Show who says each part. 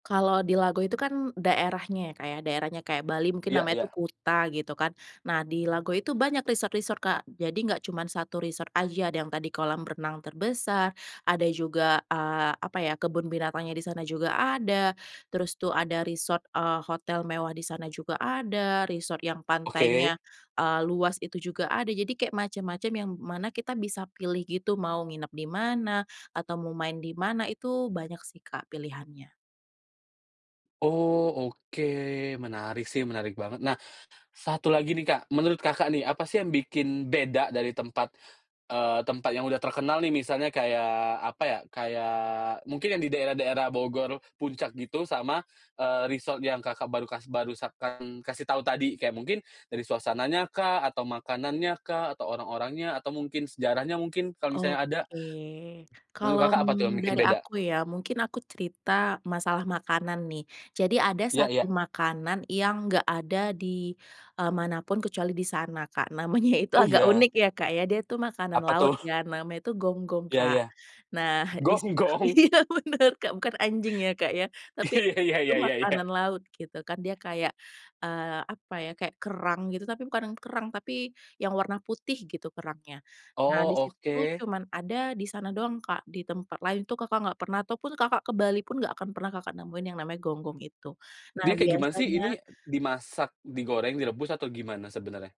Speaker 1: Kalau di Lago itu kan daerahnya ya Kak ya, daerahnya kayak Bali mungkin
Speaker 2: Iya
Speaker 1: namanya itu
Speaker 2: iya.
Speaker 1: Kuta gitu kan. Nah di Lago itu banyak resort-resort Kak, jadi gak cuman 1 resort aja ada yang tadi kolam renang terbesar, ada juga, eee, apa ya kebun binatangnya di sana juga ada, terus tuh ada resort, eee, hotel mewah di sana juga ada resort yang pantainya,
Speaker 2: Oke.
Speaker 1: eee, luas itu juga ada, jadi kayak macem-macem yang mana kita bisa pilih gitu mau nginep di mana, atau mau main di mana itu banyak sih Kak pilihannya.
Speaker 2: Oh oke, menarik sih menarik banget. Nah 1 lagi nih Kak, menurut Kakak nih apa sih yang bikin beda dari tempat, eee, tempat yang udah terkenal nih? Misalnya kayak apa ya, kayak, mungkin yang di daerah-daerah Bogor, Puncak gitu sama, eee, resort yang Kakak baru kasih barusan kasih tahu tadi, kayak mungkin dari suasananya kah, atau makanannya kah, atau orang-orangnya, atau mungkin sejarahnya mungkin, kalau misalnya ada.
Speaker 1: Oke.
Speaker 2: Menurut
Speaker 1: Kalau
Speaker 2: Kakak apa tuh yang bikin
Speaker 1: dari
Speaker 2: beda?
Speaker 1: aku ya, mungkin aku cerita masalah makanan nih, jadi ada
Speaker 2: Iya
Speaker 1: satu
Speaker 2: iya.
Speaker 1: makanan yang gak ada di, eee, manapun kecuali di sana Kak, namanya itu
Speaker 2: Oh
Speaker 1: agak
Speaker 2: iya.
Speaker 1: unik ya Kak ya, dia itu makanan
Speaker 2: Apa
Speaker 1: laut
Speaker 2: tuh?
Speaker 1: ya, namanya itu gonggong
Speaker 2: Iya
Speaker 1: Kak.
Speaker 2: iya.
Speaker 1: Nah dis
Speaker 2: Gonggong?
Speaker 1: iya bener Kak bukan anjing ya Kak ya, tapi
Speaker 2: Iya iya
Speaker 1: itu
Speaker 2: iya iya iya.
Speaker 1: makanan laut gitu, kan dia kayak, eee, apa ya, kayak kerang gitu, tapi bukan yang kerang, tapi yang warna putih gitu kerangnya. Nah
Speaker 2: Oh
Speaker 1: di situ tuh
Speaker 2: oke.
Speaker 1: cuman ada di sana doang Kak, di tempat lain itu Kakak gak pernah ataupun Kakak ke Bali pun gak akan pernah Kakak nemuin yang namanya gonggong itu. Nah
Speaker 2: Dia kayak gimana sih
Speaker 1: biasanya
Speaker 2: ini dimasak, digoreng, direbus atau gimana sebenarnya?